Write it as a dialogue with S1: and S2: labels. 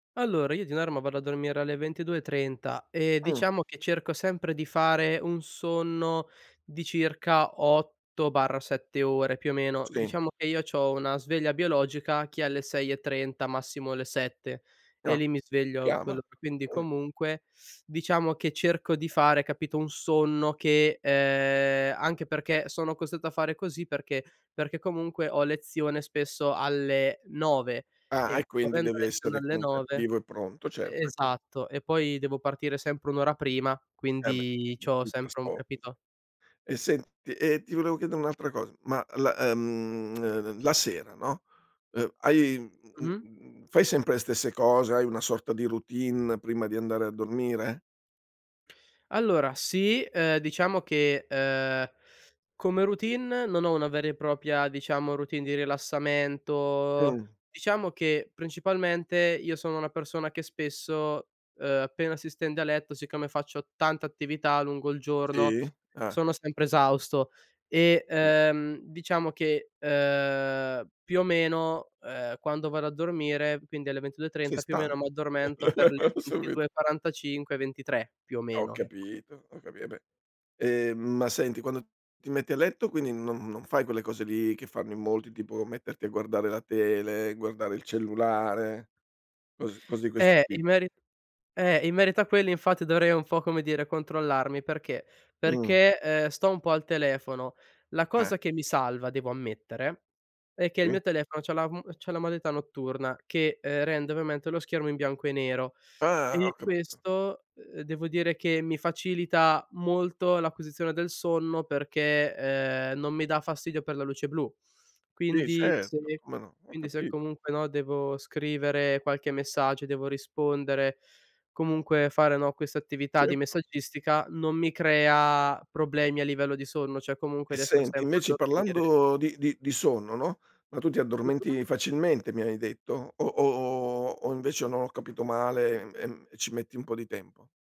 S1: Allora, io di norma vado a dormire alle 22:30 e
S2: Mh.
S1: diciamo che cerco sempre di fare un sonno di circa 8/7 ore più o meno.
S2: Sì.
S1: Diciamo che io c'ho una sveglia biologica che è alle 6:30, massimo alle 7 e
S2: No.
S1: lì mi sveglio
S2: Chiama.
S1: quello per quindi
S2: Mh.
S1: comunque, diciamo che cerco di fare, capito, un sonno che ehm, anche perché sono costretto a fare così perché: perché comunque ho lezione spesso alle 9,
S2: Ah, e
S1: e
S2: quindi
S1: avendo
S2: devi
S1: lezione
S2: essere
S1: alle
S2: comunque
S1: 9
S2: attivo e pronto,
S1: e
S2: certo. E quin
S1: esatto. E
S2: gius
S1: poi devo partire sempre 1 ora prima,
S2: Eh, beh
S1: quindi c'ho
S2: [unintelligible]
S1: sempre un
S2: trasporto ce
S1: capito?
S2: E senti, ehm, ti volevo chiedere un'altra cosa: ma la, ehm, eh eh ehm, la sera no, ehm, hai uhm, uhm, uhm,
S1: Mh-mh.
S2: uhm, uhm, fai sempre le stesse cose, hai una sorta di routine prima di andare a dormire?
S1: Allora, sì. Ehm, diciamo che, ehm, come routine non ho una vera e propria diciamo routine di rilassamento.
S2: Mh.
S1: Diciamo che principalmente io sono una persona che spesso, ehm, appena si stende a letto, siccome faccio tanta attività lungo il giorno,
S2: Sì? Eh.
S1: sono sempre esausto. E,
S2: Capi
S1: ehm, diciamo che, ehm, più o meno, ehm, quando vado a dormire, quindi alle ventidue e
S2: Sei
S1: trenta, più o meno
S2: stanco.
S1: m'addormento per le ventidue
S2: Subito.
S1: e quarantacinque ventitré più o
S2: Ho
S1: meno, ecco.
S2: capito, ho capi eh, beh. Ehm, ma senti quando ti metti a letto quindi non non fai quelle cose lì che fanno in molti, tipo metterti a guardare la tele, guardare il cellulare, cos cose di questo
S1: Eh,
S2: ti
S1: in meri eh, in merito a quelli infatti dovrei un po' come dire controllarmi, perché:
S2: Mh.
S1: perché, ehm, sto un po' al telefono. La
S2: Eh.
S1: cosa che mi salva devo ammettere è che il
S2: Sì.
S1: mio telefono c'ha la m c'ha la modalità notturna che, ehm, rende ovviamente lo schermo in bianco e nero,
S2: Ah, ho
S1: e
S2: capito.
S1: questo, ehm, devo dire che mi facilita molto l'acquisizione del sonno perché, ehm, non mi dà fastidio per la luce blu.
S2: Sì,
S1: Quindi se
S2: certo, come no. Ho
S1: quindi se
S2: capito.
S1: comunque, no, devo scrivere qualche messaggio, devo rispondere, comunque fare, no, questa attività di
S2: Certo.
S1: messaggistica, non mi crea problemi a livello di sonno, cioè comunque
S2: E
S1: riesco
S2: senti
S1: sempre a
S2: invece
S1: dormire.
S2: parlando di di di sonno, no: ma tu ti
S1: Mh-mh.
S2: addormenti facilmente mi hai detto, o o o o o o invece no ho capito male, ehm, ehm, e ci metti un po' di tempo?